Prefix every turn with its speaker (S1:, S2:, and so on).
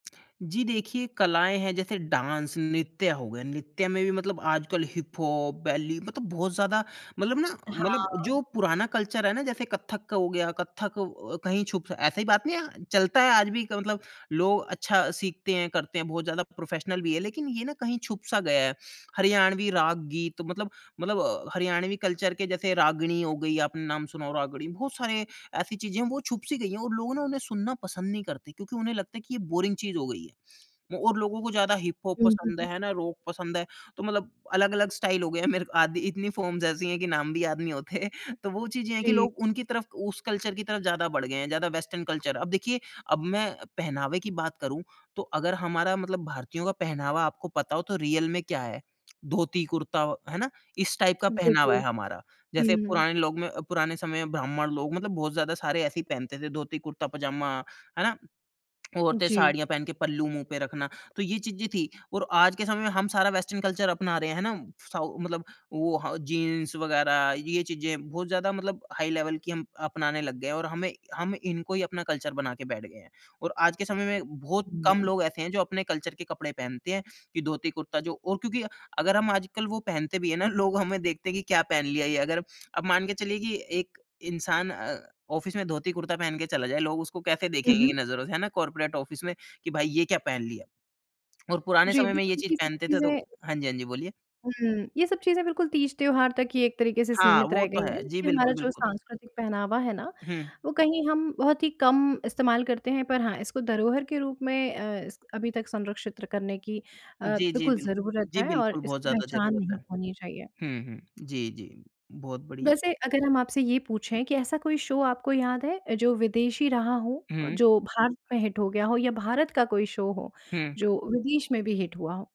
S1: जी देखिए, कलाएँ हैं जैसे डांस नृत्य हो गया, नृत्य में भी मतलब आजकल हिप-हॉप, बेली मतलब बहुत ज़्यादा मतलब ना मतलब जो
S2: हाँ।
S1: पुराना कल्चर है ना, जैसे कथक हो गया, कथक अ, कहीं छुप ऐसी बात नहीं है, चलता है आज भी, मतलब लोग अच्छा सीखते हैं, करते हैं बहुत ज़्यादा प्रोफेशनल भी हैं, लेकिन ये ना कहीं छुप सा गया है। हरियाणवी राग-गीत मतलब, मतलब अ, हरियाणवी कल्चर के जैसे रागिणी हो गई, आपने नाम सुना हो, रागिणी बहुत सारे ऐसी चीज़ें हैं वो छुप सी गई है और लोग ना, उन्हें सुनना पसंद नहीं करते, क्योंकि उन्हें लगता है कि ये बोरिंग चीज़ हो गई है। और लोगों को ज़्यादा हिपहॉप
S2: हुँ, हुँ,
S1: पसंद है,
S2: हुँ।
S1: है ना? रॉक पसंद है तो मतलब अलग-अलग स्टाइल हो गया है, मेरे को आधी इतनी फॉर्म्स ऐसी हैं कि नाम भी याद नहीं होते तो वो चीज़ें हैं कि
S2: जी।
S1: लोग उनकी तरफ, उस कल्चर की तरफ ज़्यादा बढ़ गए हैं, ज़्यादा वेस्टर्न कल्चर अब देखिए, अब मैं पहनावे की बात करूँ, तो अगर हमारा मतलब, भारतीयों का पहनावा आपको पता हो, तो रियल में क्या है? धोती कुर्ता है ना, इस टाइप का पहनावा
S2: बिल्कुल।
S1: है हमारा, जैसे
S2: हुँ।
S1: पुराने लोग में पुराने समय में ब्राह्मण लोग, मतलब बहुत ज़्यादा सारे ऐसे ही पहनते थे, धोती-कुर्ता, पजामा है ना, औरतें
S2: जी।
S1: साड़ियाँ पहन के पल्लू मुँह पे रखना। तो ये चीज़ें थी और आज के समय में हम सारा वेस्टर्न कल्चर अपना रहे हैं है ना। साऊ मतलब वो ह जीन्स वगैरह ये चीज़ें बहुत ज़्यादा मतलब हाई लेवल की हम अपनाने लग गए हैं, और हमें हम इनको ही अपना कल्चर बना के बैठ गए हैं और आज के समय में बहुत, कम
S2: हुँ।
S1: लोग ऐसे हैं जो अपने कल्चर के कपड़े पहनते हैं कि धोती कुर्ता जो और क्योंकि अगर हम आजकल वो पहनते भी हैं ना लोग हमें देखते हैं कि क्या पहन लिया ये। अगर अब मान के चलिए कि एक इंसान अ, ऑफिस में धोती कुर्ता पहन के चला जाए, लोग उसको कैसे देखेंगे
S2: उहुँ।
S1: कि नज़रों से है ना कॉर्पोरेट ऑफिस में कि भाई ये क्या पहन लिया? और पुराने
S2: जी
S1: समय में ये
S2: बिल्कुल,
S1: चीज़
S2: ये सब
S1: पहनते थे तो
S2: चीज़ें
S1: हाँ जी, हाँ जी, बोलिए।
S2: हुँ ये सब चीज़ें बिल्कुल तीज-त्योहार तक ही एक तरीके से
S1: हाँ,
S2: सीमित
S1: वो
S2: रह गई
S1: तो है,
S2: हैं,
S1: जी
S2: ये हमारा
S1: बिल्कुल,
S2: जो
S1: बिल्कुल।
S2: सांस्कृतिक पहनावा है ना,
S1: हुँ।
S2: वो कहीं हम बहुत ही कम इस्तेमाल करते हैं। पर हाँ, इसको धरोहर के रूप में अ, इसक अभी तक संरक्षित करने की अ,
S1: जी, जी,
S2: बिल्कुल
S1: बिल्
S2: ज़रूरत
S1: जी,
S2: है और
S1: बिल्कुल बहुत
S2: इसकी
S1: ज़्यादा
S2: पहचान
S1: ज़रूरत
S2: नहीं
S1: है।
S2: खोनी चाहिए।
S1: हुँ, हुँ, जी जी। बहुत बढ़िया।
S2: वैसे, अगर हम आपसे ये पूछे कि, ऐसा कोई शो आपको याद है? जो विदेशी रहा हो,
S1: हुँ।
S2: जो भारत में हिट हो गया हो या भारत का कोई शो हो,
S1: हुँ।
S2: जो विदेश में भी हिट हुआ हो?